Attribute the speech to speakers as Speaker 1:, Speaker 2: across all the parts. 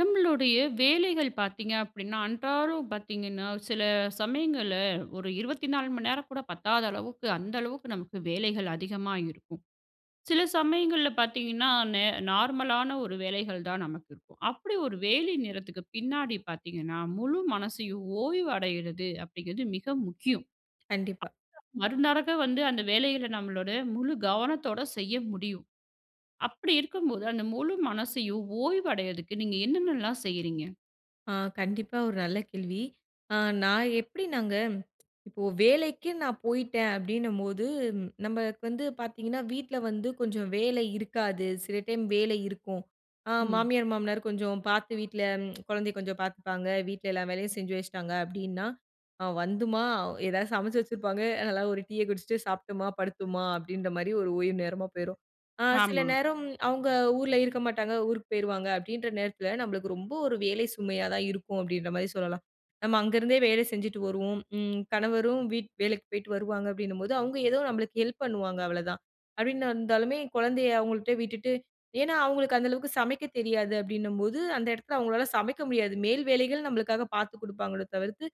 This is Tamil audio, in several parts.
Speaker 1: நம்மளுடைய வேலைகள் பார்த்தீங்க அப்பிடின்னா அன்றாடம் பார்த்தீங்கன்னா, சில சமயங்கள்ல ஒரு 24 மணி நேரம் கூட பத்தாத அளவுக்கு, அந்த அளவுக்கு நமக்கு வேலைகள் அதிகமா இருக்கும். சில சமயங்கள்ல பார்த்தீங்கன்னா, நே நார்மலானா ஒரு வேலைகள் தான் நமக்கு இருக்கும். அப்பிடி ஒரு வேலை நேரத்துக்கு பின்னாடி பார்த்தீங்கன்னா, முழு மனசையும் ஓய்வு அடையிறது அப்பிடிங்கறது மிக முக்கியம்.
Speaker 2: கண்டிப்பா.
Speaker 1: மறுநாள் வந்து அந்த வேலையில நம்மளுடைய முழு கவனத்தோட செய்ய முடியும். அப்பிடி இருக்கும் போது அந்த முழு மனசையும் ஓய்வு அடையறதுக்கு நீங்க என்னென்ன எல்லாம் செய்றீங்க?
Speaker 2: அ கண்டிப்பா ஒரு நல்ல கேள்வி. அ நான் எப்பிடினாங்க, இப்போ வேலைக்கு நான் போயிட்டேன் அப்பிடினம்போது ம் நமக்கு வந்து பார்த்தீங்கன்னா வீட்ல வந்து கொஞ்சம் வேலை இருக்காது. சில டைம் வேலை இருக்கும். அ
Speaker 1: ம்.
Speaker 2: மாமியார், மாமனார் கொஞ்சம் பார்த்து வீட்ல குழந்தைய கொஞ்சம் பார்த்துப்பாங்க. வீட்ல எல்லா வேலையும் செஞ்சு வச்சுட்டாங்க அப்பிடின்னா அ வந்தும்மா எதாவது சமைச்சு வச்சிருப்பாங்க. நல்லா ஒரு டீய குடிச்சுட்டு சாப்ட்டம்மா படுத்தோம்மா அப்பிடின்றமாரி ஒரு ஓய்வு நேரமா போயிரும். அ சில
Speaker 1: ஆமா.
Speaker 2: நேரம் அவுங்க ஊர்ல இருக்க மாட்டாங்க. ஊருக்கு போயிருவாங்க அப்பிடின்ற நேரத்துல நம்மளுக்கு ரொம்ப ஒரு வேலை சுமையா தான் இருக்கும். அப்பிடின்றமாரி சொல்லலாம். நம்ம அங்கருந்தே வேலை செஞ்சுட்டு வருவோம். ம் கணவரும் வீட் வேலைக்கு போயிட்டு வருவாங்க, அப்பிடின்னும்போது அவுங்க ஏதோ நம்மளுக்கு ஹெல்ப் பண்ணுவாங்க, அவ்வளதான் அப்பிடின்னு வந்தாலுமே குழந்தைய அவுங்கள்ட்ட விட்டுட்டு ஏன்னா அவுங்களுக்கு அந்த அளவுக்கு சமைக்க தெரியாது. அப்பிடின்னம்போது அந்த இடத்தில அவுங்களால சமைக்க முடியாது. மேல் வேலைகள் நம்மளுக்காக பார்த்துக் கொடுப்பாங்களோ தவிர்த்து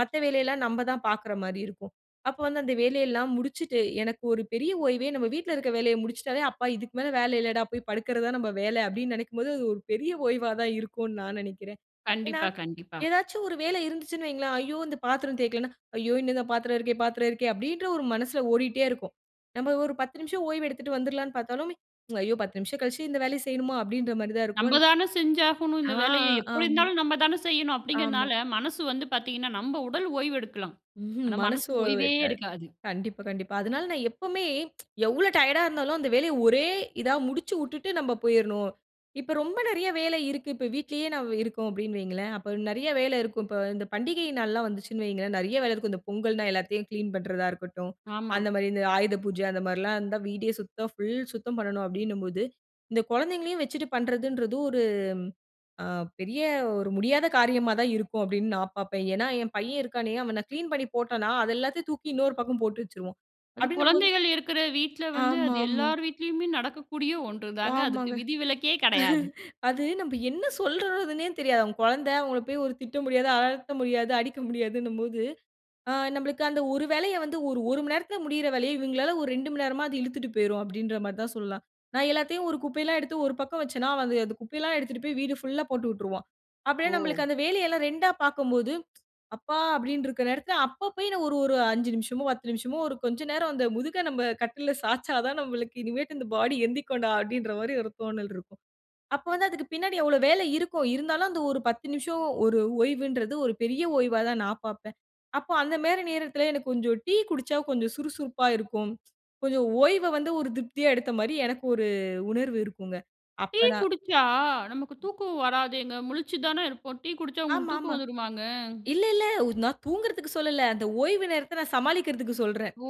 Speaker 2: மத்த வேலையெல்லாம் நம்ம தான் பார்க்குற மாரி இருக்கும். அப்போ வந்து அந்த வேலையெல்லாம் முடிச்சுட்டு எனக்கு ஒரு பெரிய ஓய்வே நம்ம வீட்ல இருக்குற வேலைய முடிச்சுட்டாலே, "அப்பா! இதுக்கு மேல வேலை இல்லடா! போய் படுக்கிற தான் நம்ம வேல" அப்பிடீன்னு நெனைக்கும் போது, அது ஒரு பெரிய ஓய்வா தான் இருக்குன்னு நான் நெனைக்கிறேன். ஏன்னா,
Speaker 1: கண்டிப்பா, கண்டிப்பா.
Speaker 2: ஏதாச்சும் ஒரு வேலை இருந்துச்சுன்னு வைங்களேன், ஐயோ! இந்த பாத்திரம் தேய்க்கலன்னா? "ஐயோ! இன்னும் இந்த பாத்திரம் இருக்கே, பாத்திரம் இருக்கே" அப்பிடீன்ற ஒரு மனசுல ஓடிக்கிட்டே இருக்கும். நம்ம ஒரு 10 நிமிஷம் ஓய்வு எடுத்துட்டு வந்துருலான்னு பார்த்தாலுமே, "ஐயோ! 10 நிமிஷம் கழிச்சு இந்த வேலைய செய்யணுமா?" அப்பிடீன்ற மாரி தான் இருக்கும்.
Speaker 1: நம்பதான செஞ்சாகணும்
Speaker 2: ஆ,
Speaker 1: இந்த வேலையை
Speaker 2: ஆ,
Speaker 1: எப்பிடி
Speaker 2: ஆமா,
Speaker 1: இருந்தாலும் நம்ம தான செய்யணும்
Speaker 2: ஆமா.
Speaker 1: அப்பிடிங்கிறனால மனசு வந்து பார்த்தீங்கன்னா நம் உடல் ஓய்வு எடுக்கலாம். ஆனா
Speaker 2: மனசு
Speaker 1: மனசு
Speaker 2: ஓய்வு
Speaker 1: ஓய்வே
Speaker 2: இருக்காது.
Speaker 1: எடுக்காது.
Speaker 2: கண்டிப்பா, கண்டிப்பா. அதனால நான் எப்பவுமே எவ்ளோ டயர்டா இருந்தாலும் அந்த வேலைய ஒரே இதா முடிச்சு விட்டுட்டு நம்ம போயிர்ணும். இப்போ ரொம்ப நிறையா வேலை இருக்கு. இப்ப வீட்லயே நான் இருக்கோம் அப்பிடின்னு வையுங்களேன்! அப்ப நிறைய வேலை இருக்கும். இப்போ இந்த பண்டிகை நாள்லாம் வந்துச்சுன்னு வையுங்களேன்! நெறைய வேலை இருக்கும். இந்த பொங்கல்னா எல்லாத்தையும் கிளீன் பண்ணுறதா இருக்கட்டும்.
Speaker 1: ஆமா.
Speaker 2: அந்தமாரி இந்த ஆயுத பூஜை அந்தமாரிலாம் இருந்தா வீடே சுத்தம் ஃபுல் சுத்தம் பண்ணணும் அப்பிடின்னும்போது, இந்த குழந்தைங்களையும் வச்சுட்டு பண்ணுறதுன்றது ஒரு அ பெரிய ஒரு முடியாத காரியமா தான் இருக்கும் அப்பிடீன்னு நான் பார்ப்பேன். ஏன்னா ஏன் பையன் இருக்கானே? அவன் நான் கிளீன் பண்ணி போட்டன்னா, அது எல்லாத்தையும் தூக்கி இன்னொரு பக்கம் போட்டு வச்சுருவான்.
Speaker 1: அது
Speaker 2: அப்பிடினம்போது
Speaker 1: குழந்தைகள் இருக்கிற வீட்ல வந்து
Speaker 2: ஆமா,
Speaker 1: அது
Speaker 2: ஆமா.
Speaker 1: எல்லார் வீட்லயுமே நடக்கக்கூடிய ஒன்று தாங்க. அதுக்கு
Speaker 2: ஆமாங்க.
Speaker 1: விதிவிலக்கே கிடையாது.
Speaker 2: அது நம்ம என்ன சொல்றதுன்னே தெரியாது. அவன் குழந்தை அவுங்கள போய் திட்ட முடியாது. அதட்ட முடியாது. அடிக்க முடியாதுன்னும்போது, ஆ நம்மளுக்கு அந்த ஒரு வேலைய வந்து ஒரு, ஒரு மணி நேரத்தில முடியிற வேலைய இவுங்களால ஒரு 2 மணி நேரமா அது இழுத்துட்டு போயிரும், அப்பிடீன்றமாரி தான் சொல்லலாம். நான் எல்லாத்தையும் ஒரு குப்பையெல்லாம் எடுத்து ஒரு பக்கம் வச்சேன்னா, அவன் அந்த குப்பை எல்லாம் எடுத்துட்டுப் போய் வீடு ஃபுல்லா போட்டுவுட்டுருவான். அப்பிடியே நம்மளுக்கு
Speaker 1: ஓ!
Speaker 2: அந்த வேலையெல்லாம் ரெண்டா பார்க்கம்போது, அப்பா! அப்பிடின்டு இருக்குற நேரத்தில, அப்ப போய் நான் ஒரு, ஒரு. "5 நிமிஷமோ 10 நிமிஷமோ ஒரு கொஞ்சம் நேரம் அந்த முதுக நம்ப கட்டுல்ல சாச்சா தான் நம்மளுக்கு இனிமேட்டு இந்த பாடி எந்திரிக்குன்டா அப்பிடீன்ற மாரி ஒரு தோணல் இருக்கும். அப்போ வந்து அதுக்கு பின்னாடி எவ்ளோ வேலை இருக்கும். இருந்தாலும் அந்த ஒரு 10 நிமிஷம் ஒரு ஓய்வுன்றது ஒரு பெரிய ஓய்வா தான் நான் பார்ப்பேன். அப்ப அந்தமாரி நேரத்தில எனக்கு கொஞ்சம் டீ குடிசச்சா கொஞ்சம் சுறுசுறுப்பா இருக்கும். கொஞ்சம் ஓய்வ வந்து ஒரு திருப்தியா எடுத்தமாரி எனக்கு ஒரு உணர்வு இருக்குங்க. அப்ப
Speaker 1: டீ
Speaker 2: நான்
Speaker 1: குடிச்சா நமக்கு
Speaker 2: ம்.
Speaker 1: தூக்கம் வராதேங்க! முழிச்சு தானே இருப்போம். டீ குடிச்சா உங்களுக்கு
Speaker 2: ஆமா,
Speaker 1: தூக்கம்
Speaker 2: ஆமா.
Speaker 1: வந்துருமாங்க?
Speaker 2: இல்ல, இல்ல உ நான் தூங்குறதுக்கு சொல்லல. அந்த ஓய்வு நேரத்த நான் சமாளிக்குறதுக்கு சொல்றேன்.
Speaker 1: ஓ!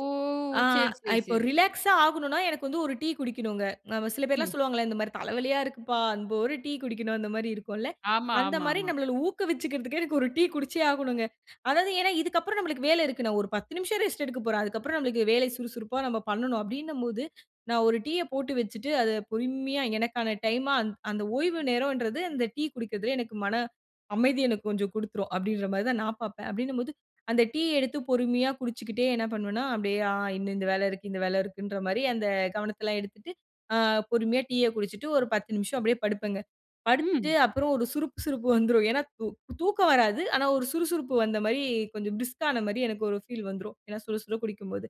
Speaker 2: ஆ
Speaker 1: சரி சரி,
Speaker 2: இப்போ
Speaker 1: சரி.
Speaker 2: ரிலாக்ஸ்ஸா ஆகணுன்னா எனக்கு வந்து ஒரு டீ குடிக்கணுங்க. ஆமா சில பேர்ல்லாம்
Speaker 1: ம்.
Speaker 2: சொல்வாங்கல்ல, இந்த மாரி தலைவலியா இருக்குப்பா! அன் ஒரு டீ குடிக்கணும் அந்தமாரி இருக்கும்ல.
Speaker 1: ஆமா,
Speaker 2: அந்த
Speaker 1: ஆமா,
Speaker 2: மாரி
Speaker 1: ஆமா.
Speaker 2: நம்மள ஊக்குவிச்சுக்குறதுக்கே எனக்கு ஒரு டீ குடிச்சே ஆகணுங்க. அதாவது ஏன்னா இதுக்கு அப்புறம் நமக்கு வேலை இருக்கு. நான் ஒரு 10 நிமிஷம் ரெஸ்ட் எடுக்க போறேன். அதுக்கப்புறம் நமக்கு வேலை சுறுசுறுப்பா நம்ம பண்ணணும் அப்பிடீன்னம்போது, நான் ஒரு டீய போட்டு வச்சுட்டு அத பொறுமையா எனக்கான டைம்மா, அந் அந்த ஓய்வு நேரம்ன்றது அந்த டீ குடிக்கிறதுல எனக்கு மன அமைதி எனக்கு கொஞ்சம் கொடுத்துரும் அப்பிடீன்றமாரி தான் நான் பார்ப்பேன். அப்பிடீன்னும்போது அந்த டீ எடுத்து பொறுமையா குடிச்சுக்கிட்டே என்ன பண்ணுவேன்னா? அப்பிடியே ஆ இந்த, இந்த வேல இருக்கு. இந்த வேலை இருக்குன்றமாரி அந்த கவனத்தெல்லாம் எடுத்துட்டு, அ பொறுமையா அ டீய குடிச்சுட்டு, ஒரு 10 நிமிஷம் அப்பிடியே படுப்பேங்க. படுத்துட்டு
Speaker 1: ம்.
Speaker 2: அப்புறம் ஒரு சுருப் சுருப்பு வந்துரும். ஏன்னா, தூ தூக்கம் வராது. ஆனா, ஒரு சுறுசுறுப்பு வந்தமாரி கொஞ்சம் பிரிஸ்க்கானமாரி எனக்கு ஒரு ஃபீல் வந்துரும். ஏன்னா சுடசுட குடிக்கும்போது.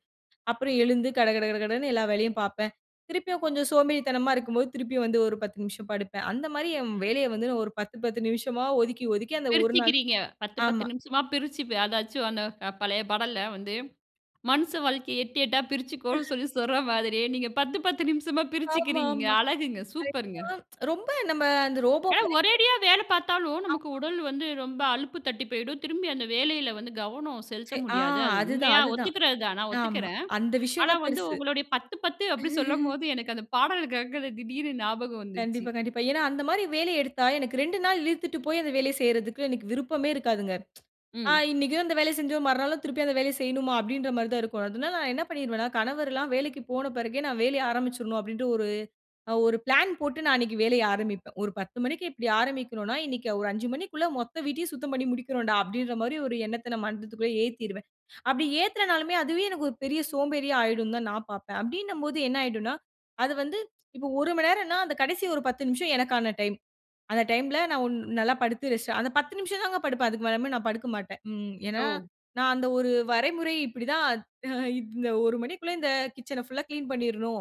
Speaker 2: அப்புறம் எழுந்து கடகடகடன்னு எல்லா வேலையும் பார்ப்பேன். திருப்பியும் கொஞ்சம் சோம்பேறித்தனமா இருக்கும்போது, திருப்பியும் வந்து ஒரு 10 நிமிஷம் படுப்பேன். அந்தமாரி என் வேலைய வந்து நான் ஒரு 10- 10 நிமிஷமா ஒதுக்கி, ஒதுக்கி அந்த ஒரு நாள்.
Speaker 1: பிரிச்சுக்கிறீங்க. 10, 10
Speaker 2: ஆமா.
Speaker 1: நிமிஷமா பிரிச்சு ப்ப அதாச்சும் அந்த பழைய பாடல்ல வந்து மனுச வாழ்க்கைய எட்டு எட்டா பிரிச்சுக்கோன்னு சொல்லி சொல்ற மாதிரியே நீங்க 10, 10 நிமிஷமா
Speaker 2: ஆமா,
Speaker 1: பிரிச்சுக்கிறீங்க
Speaker 2: ஆமா.
Speaker 1: அழகுங்க.
Speaker 2: ரைட் தான்.
Speaker 1: சூப்பர்ங்க.
Speaker 2: ரொம்ப நம்ம அந்த ரோபோ
Speaker 1: ஆனா
Speaker 2: மாரிக்கு
Speaker 1: ஒரேடியா வேலை பார்த்தாலும் நமக்கு
Speaker 2: ஆமா.
Speaker 1: உடல் வந்து ரொம்ப அலுப்பு தட்டி போயிடும். திரும்பி அந்த வேலையில வந்து கவனம் செலுத்த
Speaker 2: சே ஆ.
Speaker 1: முடியாது. அது
Speaker 2: அதுதான்,
Speaker 1: உண்மையா
Speaker 2: அதுதான்.
Speaker 1: ஒத்துக்கிறது தான். நான்
Speaker 2: ஆமா
Speaker 1: ஒத்துக்கிறேன்.
Speaker 2: அந்த விஷயம்
Speaker 1: ஆனா,
Speaker 2: தான்
Speaker 1: வந்து
Speaker 2: பெருசு.
Speaker 1: உங்களுடைய 10, 10 அப்பிடி சொல்லும்போது எனக்கு அந்த பாடல் கேட்குது திடீர்னு ஞாபகம் வந்துச்சு
Speaker 2: கண்டிப்பா, கண்டிப்பா. ஏன்னா அந்த மாரி வேலைய எடுத்தா எனக்கு 2 நாள் இழுத்துட்டு போய் அந்த வேலைய செய்யிறதுக்கு எனக்கு விருப்பமே இருக்காதுங்க. ஆ
Speaker 1: ம்.
Speaker 2: "இன்னக்கும் அந்த வேலைய செஞ்சோம், மறுநாளும் திருப்பி அந்த வேலைய செய்யணுமா?" அப்பிடீன்றமாரி தான் இருக்கும். அதனால நான் என்ன பண்ணிருவேன்னா, கணவர்லாம் வேலைக்கு போன பிறகு நான் வேலைய ஆரம்பிச்சுர்னும் அப்பிடீன்டு ஒரு, அ ஒரு பிளான் போட்டு நான் அன்னக்கு வேலைய ஆரம்பிப்பேன். ஒரு 10:00 மணிக்கு இப்பிடி ஆரம்பிக்கனுன்னா, இன்னக்கி ஒரு 5:00 மணிக்குள்ள மொத்த வீட்டையும் சுத்தம் பண்ணி முடிக்குறோன்டா அப்பிடீன்றமாரி ஒரு எண்ணத்த நான் மனசுக்குள்ளே ஏத்திருவேன். அப்பிடி ஏத்தனாலுமே அதுவே எனக்கு ஒரு பெரிய சோம்பேறியா ஆயிடும்ன்னு தான் நான் பார்ப்பேன். அப்பிடீன்னம்போது என்ன ஆயிடுன்னா, அது வந்து இப்போ ஒரு மணி நேரன்னா, அந்த கடைசி ஒரு 10 நிமிஷம் எனக்கான டைம். அந்த டைம்ல நான் ஒன் நல்லா படுத்து ரெஸ்ட் அந்த 10 நிமிஷம் தாங்க படுப்பேன். அதுக்கு மேலயுமு நான் படுக்கமாட்டேன். ம், ஏன்னா
Speaker 1: ஓ!
Speaker 2: நான் அந்த ஒரு வரைமுறை இப்பிடி தான் இந்த 1:00 மணிக்குள்ளே இந்த கிட்சன ஃபுல்லா கிளீன் பண்ணீர்னும்.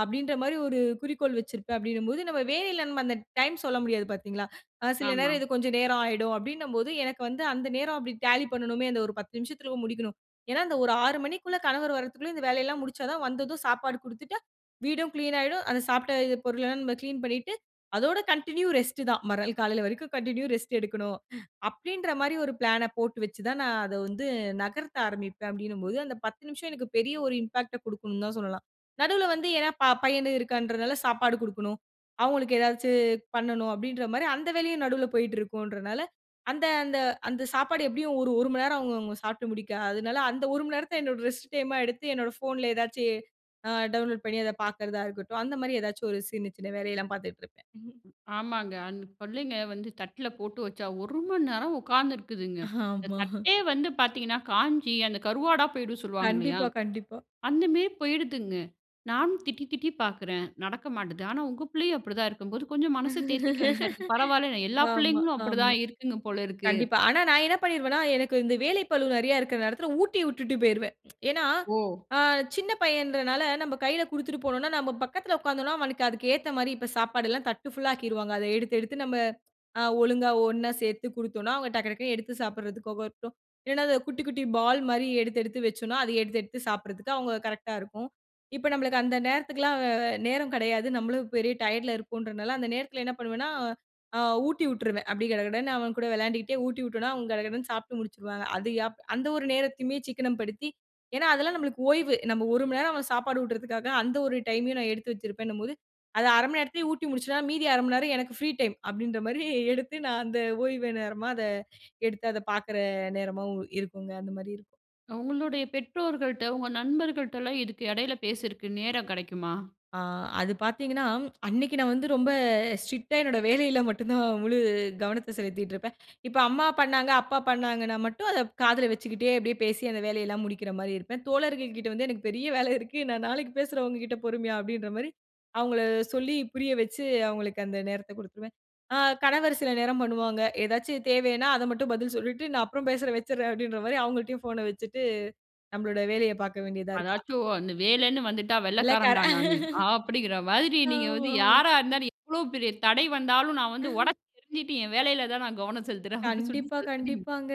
Speaker 2: அப்பிடின்றமாரி ஒரு குறிக்கோள் வச்சிருப்பேன். அப்பிடின்னம்போது நம்ம வேலையில அந்த டைம் சொல்ல முடியாது பார்த்தீங்களா! அ சில நேரம்
Speaker 1: ஆமா.
Speaker 2: இது கொஞ்சம் நேரம் ஆயிடும் அப்பிடீன்னம்போது எனக்கு வந்து அந்த நேரம் அப்பிடி ஜாலி பண்ணணுமே அந்த ஒரு 10 நிமிஷத்துல முடிக்கணும். ஏன்னா, அந்த ஒரு 6:00 மணிக்குள்ள கணவர் வர்றத்துக்குள்ள இந்த வேலையெல்லாம் முடிசச்சா தான் வந்ததும் சாப்பாடு குடுத்துட்டா, வீடும் கிளீன் ஆயிடும். அந்த சாப்பிட்ட இத பொருளெல்லாம் நம்ம கிளீன் பண்ணிட்டு, அதோட கன்டின்யூ ரெஸ்ட் தான் மறுநாள் காலையில வரைக்கும் கன்டின்யூ ரெஸ்ட் எடுக்கணும். அப்பிடின்றமாரி ஒரு பிளான போட்டு வச்சு தான், நான் அத வந்து நகர்த்த ஆரம்பிப்பேன். அப்பிடின்னம்போது, அந்த 10 நிமிஷம் எனக்கு பெரிய ஒரு இம்பேக்ட்ட குடுக்குன்னு தான் சொல்லலாம். நடுவுல வந்து ஏன்னா ப பையனு இருக்கான்றதுனாலா சாப்பாடு கொடுக்கணும். அவுங்களுக்கு ஏதாச்சு பண்ணணும் அப்பிடின்றமாரி அந்த வேலையும் நடுவுல போயிட்டு இருக்குன்றனால, அந்த அந்த அந்த சாப்பாடு எப்பிடியும் ஒரு ஒரு மணி நேரம் அவுங்க அவுங்க சாப்புட்டு முடிக்க, அதனால அந்த 1:00 மணி நேரத்த என்னோட ரெஸ்ட் டைம்மா எடுத்து என்னோட ஃபோன்ல ஏதாச்சு அ டவுன்லோட் பண்ணி அத பார்க்குறதா இருக்கட்டும். அந்தமாரி ஏதாச்சும் ஒரு சின்ன சின்ன வேலையெல்லாம் பார்த்துட்டு இருப்பேன். ம்.
Speaker 1: ஆமாங்க. அந்த பிள்ளைங்க வந்து தட்ல போட்டு வச்சா ஒரு மணி நேரம் உட்காந்திருக்குதுங்க. அந்த
Speaker 2: ஆமா
Speaker 1: தட்டே வந்து பார்த்தீங்கன்னா, காஞ்சி அந்த கருவாடா போயிடுன்னு சொல்லுவாங்க இல்லயா!
Speaker 2: கண்டிப்பா, கண்டிப்பா.
Speaker 1: அந்தமாரி போயிடுதுங்க. நான் திட்டி, திட்டி பார்க்குறேன். நடக்க மாட்டுது. ஆனா, உங்க பிள்ளையும் அப்பிடிதான் இருக்கும்போது கொஞ்சம் மனச தேர்த்திக்க வேண்டியதா இருக்கு. பரவாயில்ல, எல்லா
Speaker 2: ஆமா,
Speaker 1: பிள்ளைங்களும்
Speaker 2: ஆமா.
Speaker 1: அப்பிடிதான் இருக்குங்க போல இருக்கு.
Speaker 2: கண்டிப்பா. ஆனா நான் என்ன பண்ணிருவேன்னா, எனக்கு இந்த வேலை பலு நிறையா இருக்குற நேரத்தில ஊட்டி விட்டுட்டு போயிருவேன். ஏன்னா
Speaker 1: ஓ!
Speaker 2: அ சின்ன பையன்றனால, நம்ம கையில கொடுத்துட்டு போனோன்னா, நம்ம பக்கத்துல உக்காந்தோன்னா அவனுக்கு அதுக்கு ஏத்தமாரி இப்ப சாப்பாடுல்லாம் தட்டு ஃபுல்லா ஆக்கிருவாங்க. அத எடுத்து, எடுத்து நம்ம அ ஒழுங்கா ஒன்னா சேர்த்து கொடுத்தோன்னா, அவுங்க டக்டக்ன்னு எடுத்து சாப்பிடுறதுக்கு [unintelligible] இல்லன்னா அது குட்டி, குட்டி பால் மாரி எடுத்து, எடுத்து வச்சோன்னா அத எடுத்து, எடுத்து சாப்பிட்றதுக்கு அவுங்க கரெக்ட்டா இருக்கும். இப்ப நம்மளுக்கு அந்த நேரத்துக்குல்லாம் அ நேரம் கிடையாது. நம்மளும் பெரிய டயர்ட்ல இருக்கோம்ன்றதனால, அந்த நேரத்தில என்ன பண்ணுவேன்னா, ஆ ஊட்டி விட்டுருவேன். அப்பிடி கடகடன்னு அவன் கூட விளையாண்டுக்கிட்டே ஊட்டி விட்டேன்னா அவன் கடகடன்னு சாப்புட்டு முடிச்சுருவாங்க. அது எப் அந்த ஒரு நேரத்தையுமே சிக்கனம் படுத்தி ஏன்னா, அதெல்லாம் நம்மளுக்கு ஓய்வு. நம்ம ஒரு மணி நேரம் அவன் சாப்பாடு ஊட்டுறதுக்காக அந்த ஒரு டைம்மையும் நான் எடுத்து வச்சிருப்பேன்னும்போது, அத 0:30 மணி நேரத்திலே ஊட்டி முடிச்சேனா, மீதி 0:30 மணி நேரம் எனக்கு ஃப்ரீ டைம் அப்பிடின்ற மாரி எடுத்து நான் அந்த ஓய்வு நேரமா அத எடுத்து அத பார்க்கிற நேரமாவும் இருக்குங்க அந்த மாரி இருக்கும்.
Speaker 1: அவுங்களுடைய பெற்றோர்கள்ட்ட உங்க நண்பர்கள்ட்டலாம் இதுக்கு இடையில பேசுறக்கு நேரம் கிடைக்குமா?
Speaker 2: ஆ, அது பார்த்தீங்கன்னா அன்னக்கி நான் வந்து ரொம்ப ஸ்ட்ரிக்ட்டா என்னோட வேலையில மட்டும் தான் முழு கவனத்த செலுத்திட்டு இருப்பேன். இப்ப அம்மா பண்ணாங்க, அப்பா பண்ணாங்கன்னா மட்டும் அத காதுல வச்சுக்கிட்டே அப்பிடியே பேசி அந்த வேலையெல்லாம் முடிக்கிறமாரி இருப்பேன். தோழர்கள்கிட்டே வந்து "எனக்கு பெரிய வேலை இருக்கு நான் நாளைக்கு பேசுற உங்ககிட்ட பொறுமையா" அப்பிடின்றமாரி அவுங்கள சொல்லி புரிய வச்சு, அவுங்களுக்கு அந்த நேரத்த கொடுத்துருவேன். அ கணவர் சில நேரம் பண்ணுவாங்க. ஏதாச்சும் தேவையின்னா அத மட்டும் பதில் சொல்லிட்டு, "நான் அப்புறம் பேசுறேன், வச்சுறேன்" அப்பிடின்றமாரி அவங்கள்ட்டயும் ஃபோன வச்சுட்டு நம்மளோட வேலைய பார்க்க வேண்டியதா இருக்கு
Speaker 1: அதாச்சும் அந்த வேலைன்னு வந்துட்டா
Speaker 2: இல்ல கர
Speaker 1: வெள்ளைக்காரன்டா நானு அப்பிடிங்கிற மாதிரி நீங்க
Speaker 2: ஆமா,
Speaker 1: வந்து
Speaker 2: ஆமா.
Speaker 1: யாரா இருந்தாலும் எவ்ளோ பெரிய தடை வந்தாலும், நான் வந்து உடைச்சு எரிஞ்சிட்டு, என் வேலையில தான் நான் கவனம் செலுத்துறேன், அப்பிடின்னு சொல்லி
Speaker 2: கண்டிப்பா,
Speaker 1: [unintelligible]
Speaker 2: கண்டிப்பாங்க.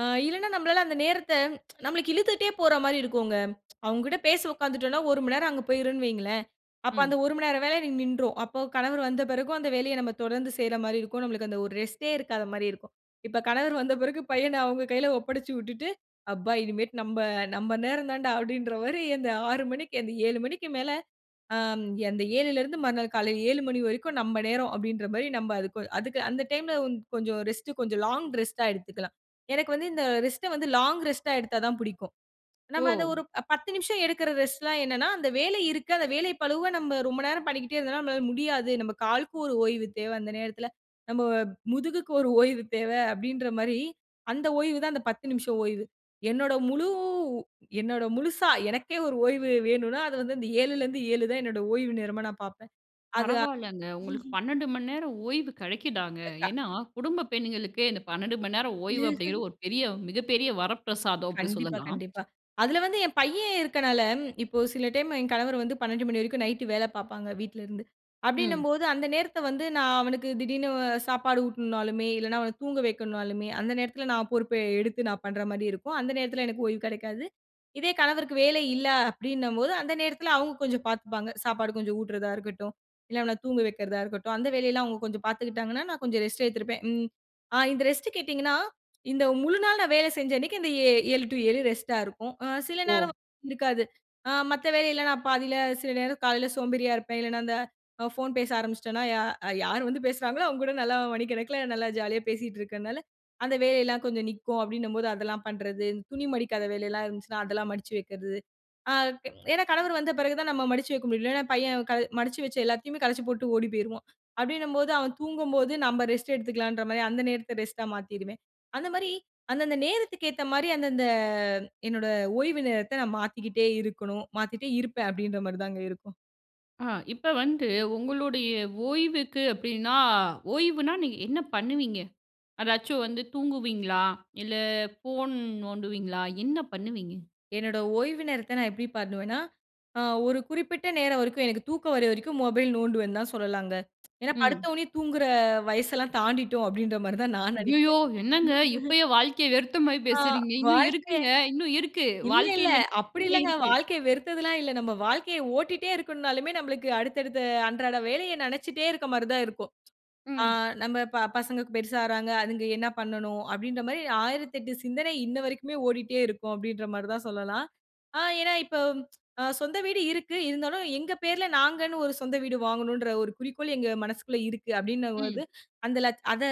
Speaker 2: ஆ இல்லன்னா நம்மளால அந்த நேரத்த நம்மளுக்கு இழுத்துக்கிட்டே போறமாரி இருக்குங்க அவுங்ககிட்ட பேசி உக்காந்துட்டோன்னா, ஒரு மணி நேரம் அங்கு போயிரும்ன்னு வையுங்களேன்! அப்ப அந்த
Speaker 1: ம்.
Speaker 2: ஒரு மணி நேரம் வேலைய எனக்கு நின்றுரும். அப்போ கணவர் வந்த பிறகும் அந்த வேலைய நம்ம தொடர்ந்து செய்றமாரி இருக்கும். நமக்கு அந்த ஒரு ரெஸ்ட்டே இருக்காத மாரி இருக்கும். இப்ப கணவர் வந்த பிறகு பையன் அவுங்க கையில ஒப்படச்சு விட்டுட்டு அப்பா! இனிமேட்டு நம்ப, நம்ப நேரம் தான்டா அப்பிடீன்றமாரி அந்த 6:00 மணிக்கு மணிக்கு அந்த 7:00 மணிக்கு மேல ஆம், அந்த 7ல இருந்து மறுநாள் காலையில 7:00 மணி வரைக்கும் நம்ம நேரம், அப்பிடின்றமாரி நம்ப அதுக்கு அதுக்கு அந்த டைம்ல கொஞ்சம் ரெஸ்ட் கொஞ்சம் லாங் ரெஸ்ட்டா எடுத்துக்கலாம். எனக்கு வந்து இந்த ரெஸ்ட வந்து லாங் ரெஸ்ட்டா எடுத்தா தான் பிடிக்கும். நம்ம அந்த
Speaker 1: ஓ!
Speaker 2: ஒரு அ 10 நிமிஷம் எடுக்கிற ரெஸ்ட்லாம் என்னன்னா, அந்த வேலை இருக்கு. அந்த வேலை பழுவ நம்ப ரொம்ப நேரம் பண்ணிக்கிட்டே இருந்தோன்னா நம்மனால முடியாது. நம்ம காலுக்கு ஒரு ஓய்வு தேவ, அந்த நேரத்தில, நம்ம முதுகுக்கு ஒரு ஓய்வு தேவை அப்பிடின்ற மாரி அந்த ஓய்வு தான் அந்த 10 நிமிஷ ஓய்வு. என்னோட முழு என்னோட முழுசா எனக்கே ஒரு ஓய்வு வேணுன்னா, அது வந்து இந்த 7ல இருந்து 7 தான் என்னோட ஓய்வு நேரமா நான் பார்ப்பேன். அது
Speaker 1: பரவாயில்லங்க. உங்களுக்கு 12:00 மணி நேரம் ஓய்வு கிடைக்குதாங்க.
Speaker 2: அ கா
Speaker 1: ஏன்னா குடும்ப பெண்களுக்கு இந்த 12:00 மணி நேரம் ஓய்வு அப்பிடீங்கிறது ஒரு பெரிய மிகப்பெரிய வரப்பிரசாதம் அப்பிடி
Speaker 2: கண்டிப்பா,
Speaker 1: சொல்லலாம்.
Speaker 2: கண்டிப்பா. அதுல வந்து என் பையன் இருக்கனால, இப்போ சில டைம் என் கணவர் வந்து 12:00 மணி வரைக்கும் நைட் வேலை பார்ப்பாங்க. வீட்ல இருந்து.
Speaker 1: ம்.
Speaker 2: அப்பிடின்னும்போது அந்த நேரத்த வந்து நான் அவனுக்கு திடீர்ன்னு சாப்பாடு ஊட்டனுனாலுமே இல்லன்னா, அவன தூங்க வைக்கனுனாலுமே அந்த நேரத்துல நான் பொறுப்ப எடுத்து நான் பண்றமாரி இருக்கும். அந்த நேரத்தில எனக்கு ஓய்வு கிடைக்காது. இதே கணவருக்கு வேலை இல்ல, அப்பிடின்னும் போது அந்த நேரத்தில அவுங்க கொஞ்சம் பார்த்துப்பாங்க. சாப்பாடு கொஞ்சம் ஊட்டுறதாக இருக்கட்டும். இல்ல அவன தூங்க வக்கிறதா இருக்கட்டும். அந்த வேலையெல்லாம் அவுங்க கொஞ்சம் பார்த்துக்கிட்டாங்கன்னா, நான் கொஞ்சம் ரெஸ்ட் எடுத்திருப்பேன். ம் அ இந்த ரெஸ்ட் கேட்டீங்கன்னா, இந்த முழுநாள் நான் வேல செஞ்ச அன்னக்கி இந்த ஏ 7 டூ 7 ரெஸ்ட்டா இருக்கும். அ சில
Speaker 1: ஓ!
Speaker 2: நேரம் இருக்காது. ஆ மத்த வேலையில நான் பாதியில சில நேரம் காலையில சோம்பேறியா இருப்பேன். இல்லையின்னா அந்த அ ஃபோன் பேச ஆரம்பிச்சுட்டேன்னா யா யார் வந்து பேசுறாங்களோ, அவுங்ககூட நல்லா மணி கணக்குல, நல்லா ஜாலியா பேசிக்கிட்டு இருக்கிறனால, அந்த வேலையில்லாம் கொஞ்சம் நிக்கும். அப்பிடின்னும்போது அதெல்லாம் பண்றது. துணி மடிக்காத வேலையிலாம் இருந்துச்சுனா அதெல்லாம் மடிச்சு வைக்கிறது. அ ஏ ஏன்னா கணவர் வந்த பிறகு தான் நாம் மடிச்சு வைக்க முடியும். இல்லன்னா பையன் கல மடிச்சு வச்ச எல்லாத்தையுமே கலச்சி போட்டு ஓடி போயிருவான். அப்பிடின்னும்போது, அவன் தூங்கும்போது நம்ம ரெஸ்ட் எடுத்துக்கலான்றமாரி அந்த நேரத்த ரெஸ்ட்டா மாத்திருவேன். அந்தமாரி அந்தந்த நேரத்துக்கு ஏத்தமாரி அந்தந்த என்னோட ஓய்வு நேரத்த நான் மாத்திக்கிட்டே இருக்கணும். மாத்திக்கிட்டே இருப்பேன் அப்பிடின்ற மாரி தாங்க இருக்கும்.
Speaker 1: ஆ. இப்ப வந்து, உங்களுடைய ஓய்வுக்கு அப்படின்னா ஓய்வுனா நீங்க என்ன பண்ணுவீங்க? அதாச்சும் வந்து தூங்குவீங்களா? இல்ல, போன் நோண்டுவீங்களா? என்ன பண்ணுவீங்க?
Speaker 2: என்னோட ஓய்வு நேரத்த நான் எப்படி பண்ணுவேன்னா, அ ஒரு குறிப்பிட்ட நேரம் வரைக்கும் எனக்கு தூக்கம் வரவரைக்கும் மொபைல் நோண்டுவேன்னு தான் சொல்லலாங்க. ஏன்னா,
Speaker 1: ம்.
Speaker 2: "படுத்தோடனே தூங்குற வயசெல்லாம் தாண்டிட்டோம்!" அப்படின்ற மாரி தான் நான்
Speaker 1: அய்யயோ!
Speaker 2: நினைக்கிறேன்..
Speaker 1: என்னங்க, இப்பயே வாழ்க்கைய வெறுத்த மாரி
Speaker 2: ஆ
Speaker 1: பேசுறீங்க? இன்னும்
Speaker 2: வாழ்க்கே
Speaker 1: இருக்குங்க. இன்னும் இருக்கு.
Speaker 2: இல்ல, இல்ல.
Speaker 1: வாழ்க்கையில
Speaker 2: அப்படி
Speaker 1: நிறைய
Speaker 2: இல்லங்க.
Speaker 1: இருக்கு.
Speaker 2: வாழ்க்கைய வெறுத்ததுலாம் இல்ல. நம்ம வாழ்க்கைய ஓட்டிட்டே இருக்கணும்னாலுமே, நம்மளுக்கு அடுத்தடுத்த அன்றாட வேலைய நெனச்சிட்டே இருக்க மாரி தான் இருக்கும். ஆ
Speaker 1: ம்.
Speaker 2: "நம்ம ப பசங்க கு பெருசா ஆகுறாங்க. அதுங்க என்ன பண்ணணும்?" அப்படின்ற மாரி 1008 சிந்தனை, இன்ன வரைக்குமே ஓடிட்டே இருக்கும் அப்படின்ற மாரி தான் சொல்லலாம். ஆ ஏன்னா இப்போ, அ சொந்த வீடு இருக்கு, இருந்தாலும் எங்க பேருல நாங்கன்னு ஒரு சொந்த வீடு வாங்கணுன்ற ஒரு குறிக்கோள், எங்க மனசுக்குள்ள இருக்கு அப்படின்னும்
Speaker 1: ம்.
Speaker 2: போது, அந்த லட்ச் அத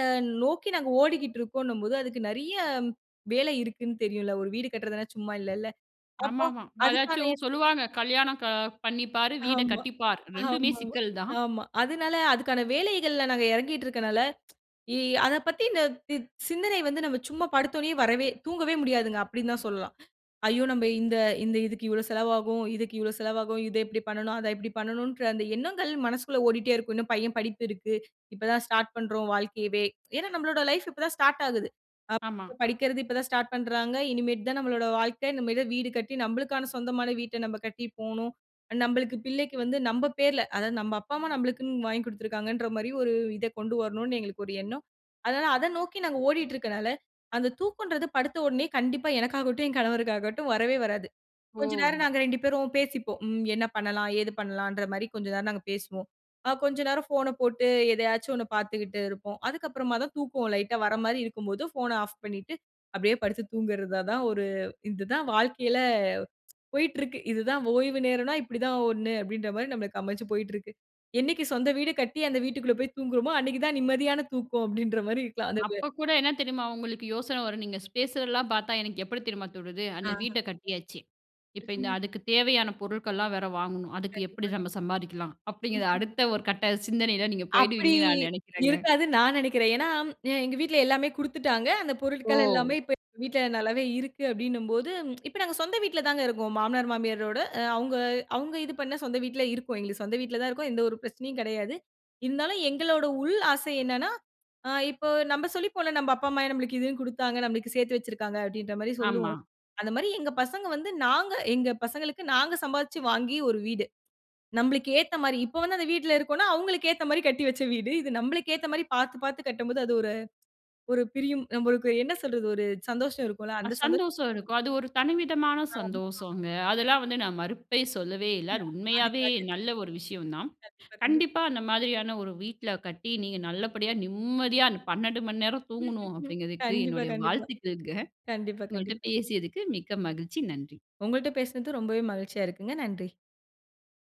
Speaker 2: நோக்கி நாங்க ஓடிக்கிட்டுருக்கோன்னும்போது, அதுக்கு நிறைய வேலை இருக்குன்னு தெரியும்ல? ஒரு வீடு கட்றதுனா சும்மா இல்லல்ல? அப்போ
Speaker 1: ஆமாமா.
Speaker 2: அதுக்கான
Speaker 1: அதாச்சும் சொல்லுவாங்க, "கல்யாணம் க பண்ணிப்பாரு, வீட
Speaker 2: ஆமா.
Speaker 1: கட்டிப்பார்". 2மே
Speaker 2: ஆமா.
Speaker 1: சிக்கல் தான்.
Speaker 2: ஆமா. அதனால அதுக்கான வேலைகள்ல நாங்க இறங்கிட்ருக்கனால, இ அத பத்தி இந்த இத் சிந்தனை வந்து நம்ம சும்மா படுத்தோனே வரவே தூங்கவே முடியாதுங்க, அப்படின்னு தான் சொல்லலாம். ஐயோ! நம்ம இந்த இந்த இதுக்கு இவ்ளோ செலவாகும். இதுக்கு இவ்ளோ செலவாகும். இத இப்படி பண்ணனும், அத இப்படி பண்ணனும்ன்ற அந்த எண்ணங்கள், மனசுக்குள்ள ஓடிட்டே இருக்கும். "இன்னும் பையன் படிப்பு இருக்கு. இப்ப தான் ஸ்டார்ட் பண்றோம், வாழ்க்கையவே". ஏன்னா, நம்மளோட லைஃப் இப்ப தான் ஸ்டார்ட் ஆகுது. ஆ
Speaker 1: ஆமா.
Speaker 2: [unintelligible] படிக்கிறது இப்ப தான் ஸ்டார்ட் பண்றாங்க. இனிமேட்டு தான் நம்மளோட வாழ்க்கை, இனிமே தான் வீடு கட்டி நம்பளுக்கான சொந்தமான வீட்ட நம்ம கட்டி போணும். நம்பளுக்கு பிள்ளைக்கு வந்து நம்ப பேருல, அதாவது நம்ம அப்பா, அம்மா நம்மளுக்குனு வாங்கி குடுத்துருக்காங்கன்ற மாரி, ஒரு இத கொண்டு வரணும்னு எங்களுக்கு ஒரு எண்ணம். அதனால அத நோக்கி நாங்க ஓடிட்டுருக்கறனால, அந்த தூக்கம்ன்றது படுத்த உடனே கண்டிப்பா எனக்காகட்டும், என் கணவருக்காகட்டும் வரவே வராது. கொஞ்ச நேரம்
Speaker 1: ஓ!
Speaker 2: நாங்க 2 பேரும் பேசிப்போம். ம், என்ன பண்ணலாம்? ஏது பண்ணலாம்ன்ற மாரி கொஞ்ச நேரம் நாங்க பேசுவோம். ஆ கொஞ்ச நேரம் ஃபோன போட்டு எதயாச்சு ஒண்ண பார்த்துகிட்டு இருப்போம். அதுக்கு அப்புறமா தான் தூக்கோம் லைட்டா வர மாரி இருக்கும் போது, ஃபோன ஆஃப் பண்ணிட்டு, அப்படியே படுத்து தூங்கறத தான் ஒரு இது தான் வாழ்க்கையில போயிட்ருக்கு. "இது தான் ஓய்வு நேரம்னா இப்படி தான் ஒண்ணு" அப்படின்ற மாரி நமக்கு அமைஞ்சு போயிட்டுருக்கு. "என்னைக்கு சொந்த வீடு கட்டி, அந்த வீட்டுக்குள்ள போய் தூங்குறோமோ, அன்னைக்கு தான் நிம்மதியான தூக்கம்" அப்படின்ற மாரி [unintelligible] இருக்கு.
Speaker 1: அப்ப கூட என்ன தெரியுமா, உங்களுக்கு யோசன வரும்? நீங்க ஸ் பேசுறதலாம் பார்த்தா எனக்கு எப்படி தெரியுமா தோணுது? "அந்த
Speaker 2: ஆஹான்.
Speaker 1: வீட்ட கட்டியாச்சு, இப்ப இந்த
Speaker 2: [unintelligible]
Speaker 1: அதுக்கு தேவையான பொருட்கள்லாம் வேற வாங்கணும். அதுக்கு
Speaker 2: கண்டிப்பா,
Speaker 1: எப்படி
Speaker 2: கண்டிப்பா.
Speaker 1: நம்ம சம்பாதிக்கலாம்?" அப்படிங்கிற
Speaker 2: ம்ஹ்ம்.
Speaker 1: அடுத்த ஒரு கட்ட சிந்தனையில நீங்க
Speaker 2: அப்படி
Speaker 1: போயிடுவீங்கன்னு நான் நினைக்கிறங்க.
Speaker 2: இருக்காதுன்னு நான் நினைக்கிறன். ஏன்னா, அ எங்க வீட்டுல எல்லாமே குடுத்துட்டாங்க. அந்த பொருட்கள்
Speaker 1: ஓ!
Speaker 2: எல்லாமே இப்ப எங்க வீட்டுல நல்லாவே இருக்கு, அப்படின்னும்போது, இப்ப நாங்க சொந்த வீட்டுல தாங்க இருக்கோம். மாமனார், மாமியாரோட அ அவுங்க அவுங்க இது பண்ண சொந்த வீட்டுல இருக்கோம். எங்களுக்கு சொந்த வீட்டுல தான் இருக்கோம். எந்த ஒரு பிரச்சனையும் கிடையாது. இருந்தாலும் எங்களோட உள் ஆசை என்னனா, அ இப்போ நம்ம சொல்லிப்போம்ல, "நம்ப அப்பா, அம்மா நம்மளுக்கு இதுன்னு குடுத்தாங்க, நம்மளுக்கு சேர்த்து வச்சிருக்காங்க" அப்படின்ற மாரி
Speaker 1: ஆமா.
Speaker 2: சொல்லுவோம். அந்த மாரி எங்க பசங்க வந்து நாங்க எங்க பசங்களுக்கு, நாங்க சம்பாரிச்சு வாங்கி ஒரு வீடு. நம்பளுக்கு ஏத்த மாரி. இப்போ வந்து அந்த வீட்டுல இருக்கோம்னா, அவங்களுக்கு ஏத்த மாரி கட்டி வச்ச வீடு. இது நம்பளுக்கு ஏத்த மாரி பார்த்து, பார்த்து கட்டும் போது அது ஒரு ஒரு பிரியும் நம்மளுக்கு என்ன சொல்றது, ஒரு சந்தோஷம் இருக்கும்ல?
Speaker 1: அ
Speaker 2: அந்த சந்தோ
Speaker 1: சந்தோஷம் இருக்கும். அது ஒரு தனி விதமான
Speaker 2: ஆமா. ஆமா.
Speaker 1: சந்தோஷோங்க. அதெல்லாம் வந்து நான் மறுப்பே சொல்லவே இல்ல. அது
Speaker 2: [unintelligible]
Speaker 1: உண்மையாவே,
Speaker 2: அதுக்காக.
Speaker 1: நல்ல ஒரு விஷயம் தான்.
Speaker 2: கண்டிப்பா, கண்டிப்.
Speaker 1: "கண்டிப்பா அந்த மாதிரியான ஒரு வீட்டுல கட்டி, நீங்க நல்லபடியா நிம்மதியா, அந்த 12:00மணி நேரம் தூங்கணும்" அப்படிங்கதுக்கு,
Speaker 2: .கண்டிப்பா,
Speaker 1: என்னுடைய
Speaker 2: கண்டிப்பா.
Speaker 1: வாழ்த்துக்கள்ங்க.
Speaker 2: கண்டிப்பா,
Speaker 1: உங்கள்ட்ட
Speaker 2: கண்டிப்பா.
Speaker 1: பேசியதுக்கு மிக்க மகிழ்ச்சி, நன்றி.
Speaker 2: உங்கள்ட்ட பேசனது ரொம்பவே மகிழ்ச்சியா இருக்குங்க. நன்றி.